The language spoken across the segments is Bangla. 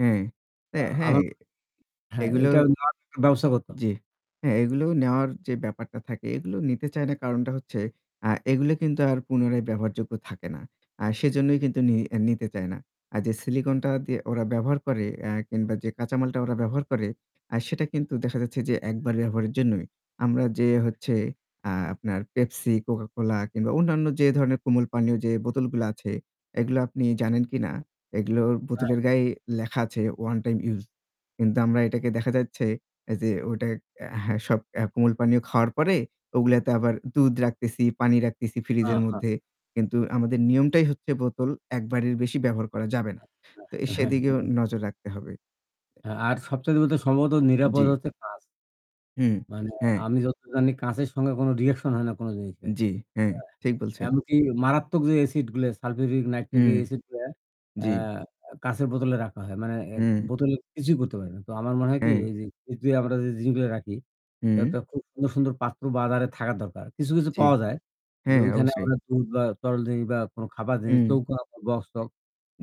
হ্যাঁ, এ্যা আ হ্যাঁ, আমার [unintelligible] হ্যাঁ এগুলো এটার [unintelligible] ব্যবস্থা করত জ্বি। হ্যাঁ, এগুলো নেওয়ার যে ব্যাপারটা থাকে এগুলো নিতে চায় না কারণটা হচ্ছে আ এগুলো কিন্তু আর পুনরায় ব্যবহারযোগ্য থাকে না। আ সেজন্যই কিন্তু নি নিতে চায় না। আর যে সিলিকনটা দিয়ে ওরা ব্যবহার করে এ্যা কিংবা যে কাঁচামালটা ওরা ব্যবহার করে আ সেটা কিন্তু দেখা যাচ্ছে যে একবার ব্যবহারের জন্যই, আমরা যে হচ্ছে আ আপনার পেপসি, কোকাকোলা কিংবা অন্যান্য যে ধরনের কোমল পানীয় যে বোতলগুলো আছে এগুলো আপনি জানেন কিনা এগুলো হ্যাঁ। বোতলের গায়ে লেখা আছে 'ওয়ান টাইম ইউস', কিন্তু আমরা এটাকে দেখা যাচ্ছে যে ওটা অ্যা হ্যাঁ, সব কোমল পানীয় খাওয়ার পরে ওগুলাতে আবার দুধ রাখতেছি, পানি রাখতেছি হ্যাঁ, ফ্রিজের হ্যাঁ। মধ্যে। কিন্তু আমাদের নিয়মটাই হচ্ছে বোতল একবারের বেশি ব্যবহার করা যাবে না। আ তো হ্যাঁ, হ্যাঁ, হ্যাঁ, সেদিকেও হ্যাঁ। নজর রাখতে হবে। হ্যাঁ, আর সবচাইতে বলতে সম্ভবত নিরাপদ জ্বি। হচ্ছে কাঁচ। হু, মানে হ্যাঁ। আমি যত জানি কাঁচের সঙ্গে কোনো রিঅ্যাকশন হয় না কোনো জিনিসের। জী, হ্যাঁ, ঠিক এ্যা বলছেন। এমনকি মারাত্মক যে এসিড গুলো সালফিউরিক নাইট্রিক হুম। এসিড গুলো আ কা জ্বী। কাচের বোতলে রাখা হয়। মানে এর হুম। বোতলে কিছুই করতে পারি না। তো আমার মনে হয় কি হম। এই যে [unintelligible] আমরা যে জিনিসগুলো রাখি, হুম। একটা খু খুব সুন্দর সুন্দর পাত্র বাজারে থাকা দরকার। কিছু, কিছু, জ্বী। পাওয়া যায় যে হ্যাঁ ওইখানে অবশ্যই। আমরা দুধ বা তরল জিনিস বা কোনো খাবার জিনিস, হুম। চৌকোনা বক্স-টক্স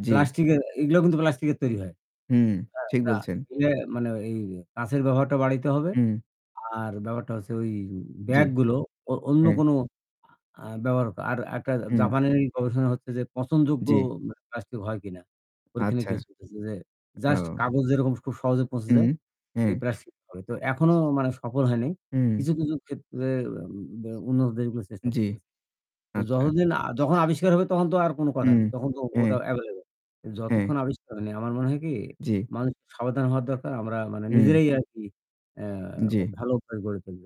জ্বি। প্লাস্টিক এর এগুলোও কিন্তু প্লাস্টিক এর তৈরি হয়। হুম হ্যাঁ, ঠিক বলছেন। না মানে এই কাঁচের ব্যবহারটা বাড়াইতে হবে। হুম। আর ব্যাপারটা হচ্ছে ওই জ্বী। ব্যাগগুলো অ অন্য হুম। কোনো আ ব্যবহার আর একটা হুম। জাপানের গবেষণা হচ্ছে যে পচনযোগ্য জ্বি। প্লাস্টিক হয় কিনা। ওখানে আচ্ছা। কেস হইতেসে যে জাস্ট ও। কাগজ যেরকম খুব সহজে পৌঁছে হু, যায় এই হ্যাঁ। প্লাস্টিক [unintelligible] তো এখনো মানে সফল হয় নাই। হুম। কিছু, কিছু, ক্ষেত্রে অ্যা ব্যা উন্নত দেশগুলো চেষ্টা জ্বি, করতেছে। তো আচ্ছা। যতদিন আ যখন আবিষ্কার হবে তখন তো আর কোনো কথা হুম, নেই। তখন তো হ্যাঁ। ওটা এভেইলেবল। হ্যাঁ। যতক্ষণ আবিষ্কার হয়নি। আমার মনে হয় কি? জ্বী। মানুষের সাবধান হওয়া দরকার আমরা মানে হুম। নিজেরাই আরকি এ্যা জ্বী। ভালো অভ্যাস করে তুলবো।